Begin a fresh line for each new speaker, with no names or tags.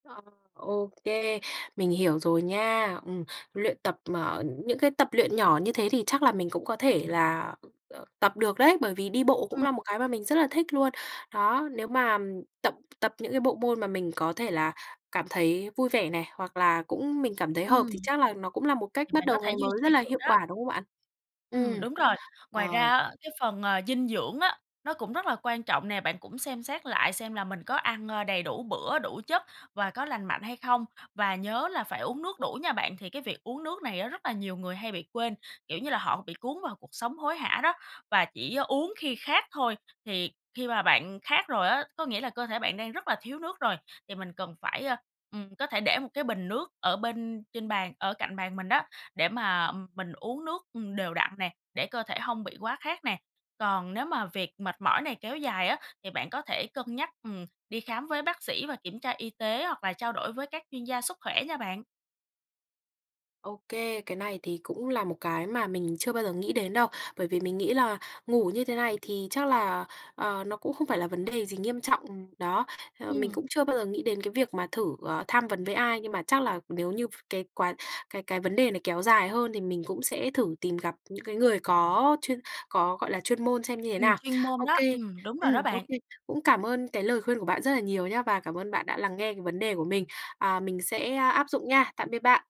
Ờ, ô kê, mình hiểu rồi nha. Ừm, luyện tập mà ờ, những cái tập luyện nhỏ như thế thì chắc là mình cũng có thể là, ờ, tập được đấy, bởi vì đi bộ cũng
Ừm.
là một cái mà mình rất là thích luôn. Đó, nếu mà tập tập những cái bộ môn mà mình có thể là cảm thấy vui vẻ này, hoặc là cũng mình cảm thấy hợp
Ừm.
thì chắc là nó cũng là một cách
Thì
bắt
bạn có
đầu
thể
ngày
duy
mới rất
trì
là
được
hiệu
đó.
quả, đúng không bạn?
Ừm,
Ừm.
đúng rồi. Ngoài
Ờ.
ra á, cái phần, à, dinh dưỡng á, nó cũng rất là quan trọng nè, bạn cũng xem xét lại xem là mình có ăn, ơ, đầy đủ bữa, đủ chất và có lành mạnh hay không. Và nhớ là phải uống nước đủ nha bạn! Thì cái việc uống nước này á, rất là nhiều người hay bị quên, kiểu như là, họ bị cuốn vào cuộc sống hối hả đó và chỉ uống khi khát thôi. Thì khi mà bạn khát rồi á, có nghĩa là cơ thể bạn đang rất là thiếu nước rồi, thì mình cần phải, ơ, ừm, có thể để một cái bình nước ở bên trên bàn, ở cạnh bàn mình đó, để mà, ừm, mình uống nước, ừm, đều đặn nè, để cơ thể hông bị quá khát nè. Còn nếu mà việc mệt mỏi này kéo dài á, thì bạn có thể cân nhắc, ừm, đi khám với bác sĩ và kiểm tra y tế hoặc là trao đổi với các chuyên gia sức khỏe nha bạn.
OK, cái này thì cũng là một cái mà mình chưa bao giờ nghĩ đến đâu, bởi vì mình nghĩ là ngủ như thế này thì chắc là, ờ, nó cũng không phải là vấn đề gì nghiêm trọng. Đó, ờ, mình
Ừm.
cũng chưa bao giờ nghĩ đến cái việc mà thử, ờ, tham vấn với ai, nhưng mà chắc là nếu như v cái quá cái cái vấn đề này kéo dài hơn thì mình cũng sẽ thử tìm gặp những cái người có chuyên có, gọi là, chuyên môn xem như thế
Ừm,
nào.
chuyên môn
OK.
đó. Ừm, đúng rồi
Ừm,
đó
OK.
bạn.
Cũng cảm ơn cái lời khuyên của bạn rất là nhiều nhá và cảm ơn bạn đã lắng nghe cái vấn đề của mình, à, mình sẽ áp dụng nha. Tạm biệt bạn!